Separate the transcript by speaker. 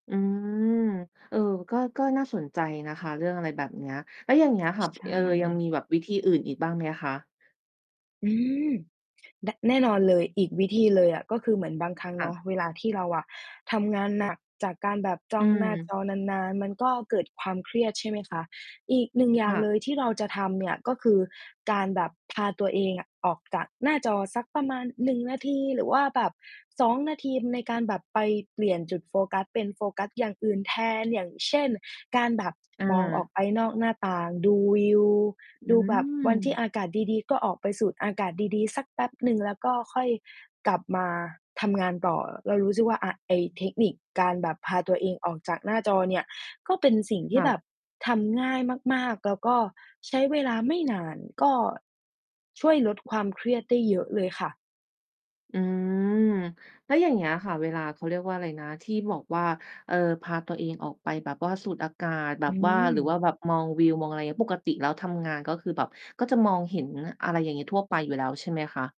Speaker 1: อืม เออ ก็ ก็น่าสนใจนะคะ เรื่องอะไรแบบเนี้ย แล้วอย่างเงี้ยค
Speaker 2: ช
Speaker 1: ่ะ
Speaker 2: ใช
Speaker 1: เอ
Speaker 2: ่
Speaker 1: ่อ ยังมีแบบวิธีอื่นอีกบ้างไหมคะ?
Speaker 2: อืม ดะ แน่นอนเลย อีกวิธีเลยอะ ก็คือเหมือนบางครั้ง
Speaker 1: ค
Speaker 2: เ
Speaker 1: ่
Speaker 2: นา
Speaker 1: ะ
Speaker 2: ะ เวลาที่เราอะทำงานหนักจากการแบบจ
Speaker 1: อ
Speaker 2: ้
Speaker 1: ื
Speaker 2: องหน้าจ
Speaker 1: ม
Speaker 2: อนาน ๆ มันก็เกิดความเครียด ใช่ไหมคะ อีกหนึ่งอย่า
Speaker 1: ค
Speaker 2: ง
Speaker 1: ่ะ
Speaker 2: เลยที่เราจะทำเนี่ย ก็คือการแบบพาตัวเองอะออกจากหน้าจอสักประมาณ 1 นาที หรือว่าแบบ 2 นาที ในการแบบไปเปลี่ยนจุดโฟกัส เป็นโฟกัสอย่างอื่นแทน อย่างเช่น การแบบ
Speaker 1: อ
Speaker 2: มองออก
Speaker 1: า
Speaker 2: ไปนอกหน้าต่าง ดูวิว
Speaker 1: อื
Speaker 2: ดูแบบ วันที่
Speaker 1: ม
Speaker 2: อากาศดี ๆ ก็ออกไปสูดอากาศดี ๆ สักแป๊บหนึ่ง แล้วก็ค่อยกลับมาทำงานต่อ เรารู้สึกว่าอะ ไอ้เทคนิคการแบบพาตัวเองออกจากหน้าจอเนี่ย ก็เป็นสิ่งท
Speaker 1: ค
Speaker 2: ี่
Speaker 1: ่
Speaker 2: แ
Speaker 1: ะ
Speaker 2: บบทำง่ายมาก ๆ แล้วก็ใช้เวลาไม่นาน ก็ช่วยลดความเครียดได้เยอะเลยค่ะ
Speaker 1: อืม แล้วอย่างเงี้ยค่ะ เวลา เขาเรียกว่าอะไรนะ ที่บอกว่า เอ่อ พาตัวเองออกไปแบบว่าสูดอากาศ แบ
Speaker 2: อื
Speaker 1: บว่า หรือว่า
Speaker 2: ม
Speaker 1: แบบมองวิว มองอะไรเงี้ย ปกติแล้วทำงานก็คือแบบ ก็จะมองเห็นอะไรอย่างงี้ ทั่วไปอยู่แล้วใช่ไหมคะ?